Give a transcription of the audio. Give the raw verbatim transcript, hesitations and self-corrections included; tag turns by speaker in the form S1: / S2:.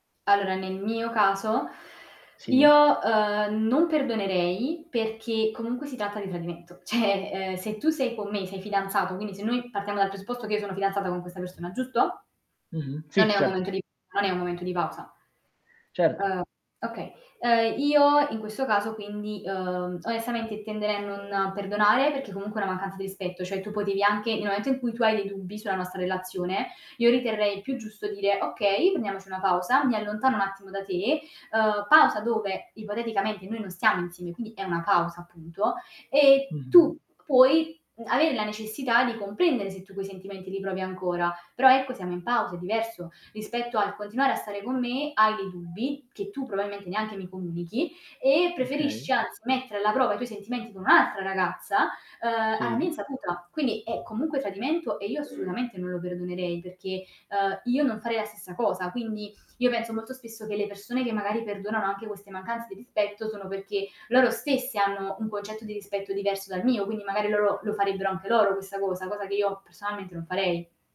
S1: Allora, nel mio caso
S2: Sì.
S1: io, ehm, non perdonerei perché comunque si tratta di tradimento, cioè, ehm, se tu sei con me, sei fidanzato, quindi se noi partiamo dal presupposto che io sono fidanzata con questa persona, giusto?
S2: Mh-mh,
S1: Non
S2: sì
S1: è un
S2: certo.
S1: momento di non è un momento di pausa.
S2: Certo.
S1: Uhm, okay. Ehm, io in questo caso quindi, uhm, onestamente tenderei a non perdonare perché comunque è una mancanza di rispetto, cioè tu potevi anche nel momento in cui tu hai dei dubbi sulla nostra relazione, io riterrei più giusto dire: "Okay, prendiamoci una pausa, mi allontano un attimo da te", uhm, pausa dove ipoteticamente noi non stiamo insieme, quindi è una pausa appunto e
S2: Mh-mh.
S1: tu puoi m avere la necessità di comprendere se tu quei sentimenti li provi ancora, però ecco, siamo in pausa, è diverso rispetto al continuare a stare con me, hai dei dubbi che tu probalmente neanche mi comunichi e
S2: Okay.
S1: preferisci anzi mettere alla prova i tuoi sentimenti con un'altra ragazza, uhm, alla mia
S2: Sì.
S1: insaputa, quindi è comunque tradimento e io assolutamente non lo perdonerei perché, uhm, io non farei la stessa cosa, quindi io penso molto spesso che le persone che magari perdonano anche queste mancanze di rispetto sono perché loro stesse hanno un concetto di rispetto diverso dal mio, quindi magari loro la farebbero anche loro questa cosa, cosa che io personalmente non farei.